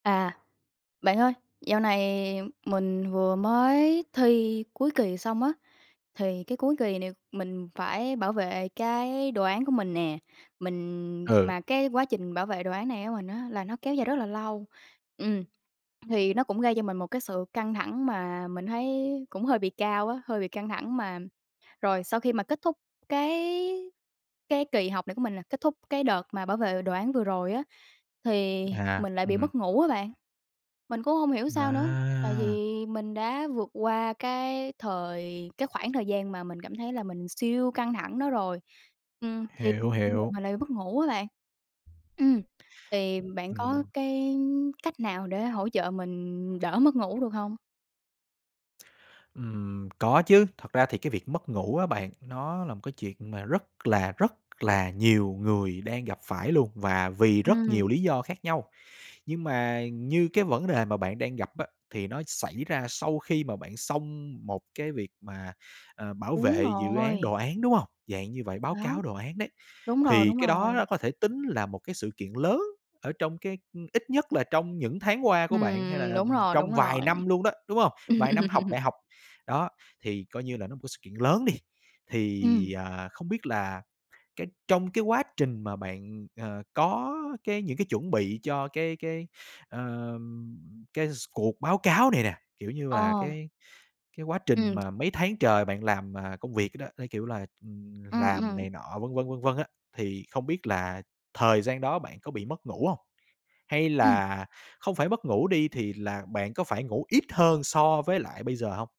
À, bạn ơi, dạo này mình vừa mới thi cuối kỳ xong á, thì cái cuối kỳ này mình phải bảo vệ cái đồ án của mình nè. Mình Ừ. mà cái quá trình bảo vệ đồ án này của mình á là nó kéo dài rất là lâu. Ừm, thì nó cũng gây cho mình một cái sự căng thẳng mà mình thấy cũng hơi bị cao á, hơi bị căng thẳng mà Rồi, sau khi mà kết thúc cái cái kỳ học này của mình nè, kết thúc cái đợt mà bảo vệ đồ án vừa rồi á, thì À, mình lại bị ừm. mất ngủ á bạn. Mình cũng hông hiểu sao nữa, tại À! vì mình đã vượt qua cái thời cái khoảng thời gian mà mình cảm thấy là mình siêu căng thẳng đó rồi. Ừm, thì Hiểu, bây giờ hiểu. mình lại mất ngủ á bạn. Ừm, thì bạn có Ừm. cái cách nào để hỗ trợ mình đỡ mất ngủ được hông? Ừm, có chứ. Thật ra thì cái việc mất ngủ á bạn, nó là một cái chuyện mà rất là, rất là nhiều người đang gặp phải luôn, và vì rất Ừm. nhiều lý do khác nhau. Nhưng mà như cái vẫn đề mà bạn đang gặp á, thì nó xảy ra sau khi mà bạn xong một cái việc mà, ờ, bảo Đúng vệ dự án, rồi. đồ án, đúng hông? Dạng như vậy, báo Đó. cáo đồ án đấy. Đúng rồi, Thì đúng cái đó rồi. nó có thể tính là một cái sự kiện lớn ở trong cái ừm, ít nhất là trong những tháng qua của bạn, hay là, Ừm, đúng ừm, rồi, đúng trong vài rồi. năm luôn đó, đúng hông? Vài năm học đại học, đó, thì coi như là nó một cái sự kiện lớn đi. Ừm. Thì, à, không biết là cái trong cái quá trình mà bạn, ờ, có cái những cái chuẩn bị cho cái cái, ờ, cái s cuộc báo cáo này nè, kiểu như là, Ờ. cái cái quá trình Ừm. mà mấy tháng trời bạn làm, ờ, công việc, ơ, đó, theo kiểu là, ừm, Ừm, làm ừm. này nọ vân vân, vân vân á, thì không biết là thời gian đó bạn có bị mất ngủ hông? Hay Ừm. là không phải mất ngủ đi thì là bạn có phải ngủ ít hơn so với lại bây giờ hông?